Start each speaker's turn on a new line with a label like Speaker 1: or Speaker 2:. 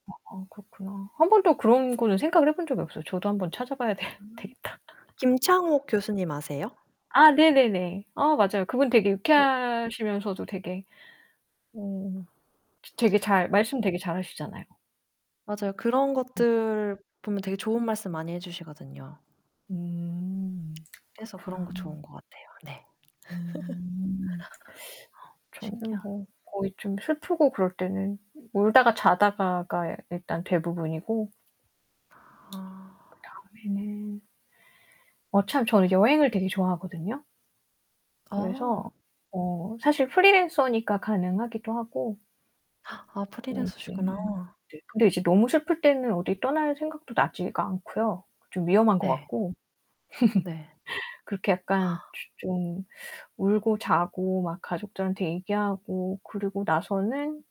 Speaker 1: 아 그렇구나. 1 번도 그런 거는 생각을 해 본 적이 없어요. 저도 한번 찾아봐야 되
Speaker 2: 아.
Speaker 1: 되겠다.
Speaker 2: 김창옥 교수님 아세요?
Speaker 1: 아 네네네. 어 맞아요. 그분 되게
Speaker 2: 어.
Speaker 1: 유쾌하시면서도 음 츠 되게 음 되게 잘 말씀 되게 잘 하시잖아요.
Speaker 2: 맞아요. 그런
Speaker 1: 음.
Speaker 2: 것들 보면 되게 좋은 말씀 많이 해 주시거든요.
Speaker 1: 음
Speaker 2: 그래서 그런
Speaker 1: 그렇구나.
Speaker 2: 거 좋은 것 같아요. 네.
Speaker 1: 음. 저는
Speaker 2: 신기하
Speaker 1: 뭐 거의 좀 슬프고 그럴 때는 울다가 자다가가 야 일단 대부분이고
Speaker 2: 아.
Speaker 1: 그다음에 어 참 저는 여행을 되게 좋아하거든요.
Speaker 2: 어.
Speaker 1: 그래서 어 사실 프리랜서니까 가능하기도 하고
Speaker 2: 아
Speaker 1: 그리고 이제
Speaker 2: 프리랜서시구나.
Speaker 1: 네 근데 이제 너무 슬플 때는 어디 떠날 생각도 나지가 않고요. 좀 위험한 것
Speaker 2: 예.
Speaker 1: 같고.
Speaker 2: 네.
Speaker 1: 그렇게 약간 즈 좀 울고 자고 막 가족들한테 얘기하고 그러고 나서는